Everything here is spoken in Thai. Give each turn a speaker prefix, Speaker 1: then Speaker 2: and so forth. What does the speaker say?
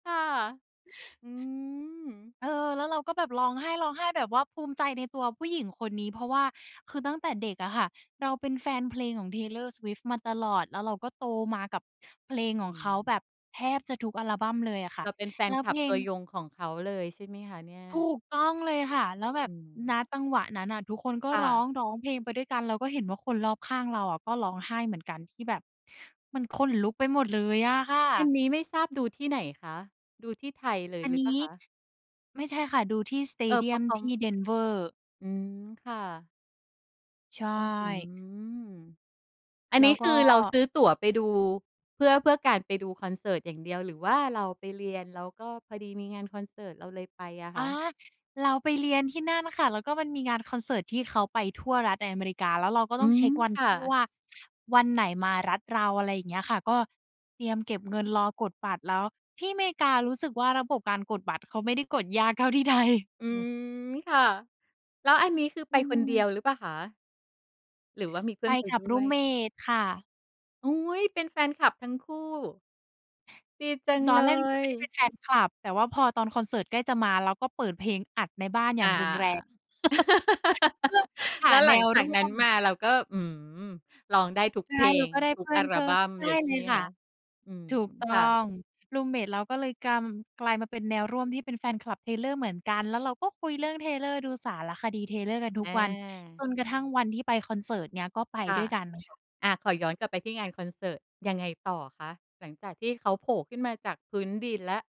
Speaker 1: ค่ะ อืม
Speaker 2: เออ แล้วเราก็แบบร้องไห้ ร้องไห้แบบว่า ภูมิใจในตัวผู้หญิงคนนี้ เพราะว่า คือตั้งแต่เด็กอะค่ะ เราเป็นแฟนเพลงของ Taylor swift มาตลอด แล้วเราก็โตมากับเพลงขอ
Speaker 1: อ
Speaker 2: ง
Speaker 1: ื
Speaker 2: เขาแ
Speaker 1: ม
Speaker 2: บบแทบจะทุกอัลบัมเลยอะค่ะ
Speaker 1: เราเป็นแฟ
Speaker 2: แล
Speaker 1: น
Speaker 2: ้ว
Speaker 1: ค
Speaker 2: เ
Speaker 1: ลั
Speaker 2: พ
Speaker 1: บ
Speaker 2: ล
Speaker 1: ต
Speaker 2: ง
Speaker 1: ัวยงของเขาเลย ใช่ไหมคะเนี่ย?
Speaker 2: ถูกต้องเลยค่ะ แล้วแบ
Speaker 1: อื
Speaker 2: บ ณ
Speaker 1: ม
Speaker 2: จังหวะนั้นน่ะ ทุกคนก็
Speaker 1: ค่
Speaker 2: ร้อ
Speaker 1: ะ
Speaker 2: ง ร้องเพลงไปด้วยกัน เราก็เห็นว่าคนรอบข้างเราอะ ก็ร้องไห้เหมือนกัน ที่แบบ มันขนลุกไปหมดเลยอะค่
Speaker 1: อัน
Speaker 2: ะ
Speaker 1: นี้ไม่ทราบดูที่ไหนคะ? ดูที่ไทยเลย
Speaker 2: อัน
Speaker 1: หรื
Speaker 2: น
Speaker 1: อเปล
Speaker 2: ี
Speaker 1: ่า
Speaker 2: ้
Speaker 1: คะ?
Speaker 2: ไม่ใช่ค่ะ ดูที่ สเต
Speaker 1: เออ
Speaker 2: เดี
Speaker 1: เพร
Speaker 2: ย
Speaker 1: าะ
Speaker 2: ม
Speaker 1: เขา
Speaker 2: ที่ Denver
Speaker 1: อืม ค่ะ
Speaker 2: ใช
Speaker 1: อื้อฮื
Speaker 2: ่
Speaker 1: อ อัน
Speaker 2: แล้
Speaker 1: นี
Speaker 2: ว
Speaker 1: ้
Speaker 2: ก
Speaker 1: ค
Speaker 2: ็
Speaker 1: ือเราซื้อตั๋วไปดู เพื่อ เพื่อการไปดูคอนเสิร์ตอย่างเดียว หรือว่าเราไปเรียน แล้วก็พอดีมีงานคอนเสิร์ตเราเลยไปอะ
Speaker 2: อ
Speaker 1: ค
Speaker 2: า
Speaker 1: ะ
Speaker 2: เราไปเรียนที่นั่นค่ะ แล้วก็มันมีงานคอนเสิร์ต ที่เขาไปทั่วรัฐในอเมริกา แล้วเราก็
Speaker 1: อ
Speaker 2: ต
Speaker 1: ื
Speaker 2: ้องเช
Speaker 1: ม
Speaker 2: ็กวัน
Speaker 1: ค
Speaker 2: ท
Speaker 1: ่
Speaker 2: ี่
Speaker 1: ะ
Speaker 2: ว่า วันไหนมารัฐเรา อะไรอย่างเงี้ยค่ะ ก็เตรียมเก็บเงินรอกดบัตร แล้วที่อเมริการู้สึกว่า ระบบการกดบัตรเขาไม่ได้กด ยากเท่าที่ไทย
Speaker 1: อื
Speaker 2: อือ
Speaker 1: ม ค่ะ แล้วอันนี้ คือ
Speaker 2: อ
Speaker 1: ไ
Speaker 2: ื
Speaker 1: ปคนเดี
Speaker 2: ม
Speaker 1: ยวหรือเปล่าคะ? หรือว่ามีเพื
Speaker 2: ไ
Speaker 1: ่
Speaker 2: ป
Speaker 1: อนไป
Speaker 2: กับ
Speaker 1: ด
Speaker 2: ร
Speaker 1: ้
Speaker 2: ู
Speaker 1: ว
Speaker 2: ม
Speaker 1: ย?
Speaker 2: เมต ค่ะ
Speaker 1: โอ๊ย เป็นแฟนคลับทั้งคู่? ดีจัง
Speaker 2: ตอ
Speaker 1: เล
Speaker 2: นแรก รูมเมต ไม่ได้
Speaker 1: ย
Speaker 2: เป็นแฟนคลับ แต่ว่าพอตอนคอนเสิร์ตใกล้จะมา เราก็เปิดเพลงอัดในบ้านอย
Speaker 1: อ
Speaker 2: ่า
Speaker 1: า
Speaker 2: งรุนแรง เพราะเราห
Speaker 1: แ
Speaker 2: า
Speaker 1: ล้วห
Speaker 2: แน
Speaker 1: ลัง
Speaker 2: ว
Speaker 1: จา
Speaker 2: ร
Speaker 1: ก
Speaker 2: ่
Speaker 1: น
Speaker 2: ว
Speaker 1: ั้น
Speaker 2: ม
Speaker 1: มา เราก็ อืม ร้องได้ทุก
Speaker 2: ใช
Speaker 1: เพ
Speaker 2: ่
Speaker 1: ล
Speaker 2: เรา
Speaker 1: ง
Speaker 2: ก็ได้
Speaker 1: ทุ
Speaker 2: เพ
Speaker 1: ก
Speaker 2: ื่
Speaker 1: อ
Speaker 2: อ
Speaker 1: ั
Speaker 2: นเพ
Speaker 1: ล
Speaker 2: ิ่
Speaker 1: บ
Speaker 2: ม
Speaker 1: ัม
Speaker 2: ใช่
Speaker 1: เลยใช
Speaker 2: เล
Speaker 1: ่ไ
Speaker 2: ย
Speaker 1: หม
Speaker 2: ค่
Speaker 1: ค
Speaker 2: ะ
Speaker 1: ะ? อืม
Speaker 2: ถูกต้อ
Speaker 1: ค่ะ
Speaker 2: ง รูมเมต เราก็เลยกำ กลายมาเป็นแนวร่วมที่เป็นแฟนคลับ Taylor เหมือนกัน แล้วเราก็คุยเรื่อง Taylor ดูสารคดี Taylor กันทุ
Speaker 1: อ
Speaker 2: กวัน จ
Speaker 1: า
Speaker 2: นกระทั่งวันที่ไปคอนเสิร์ตเนี่ย ก็ไป
Speaker 1: ค่
Speaker 2: ด
Speaker 1: ะ
Speaker 2: ้วยกันค่ะ
Speaker 1: อา ขอย้อนกลับไปที่งานคอนเสิร์ต ยังไงต่อคะ? หลังจากที่เขาโผล่ขึ้นมาจากพื้นดินแล้ว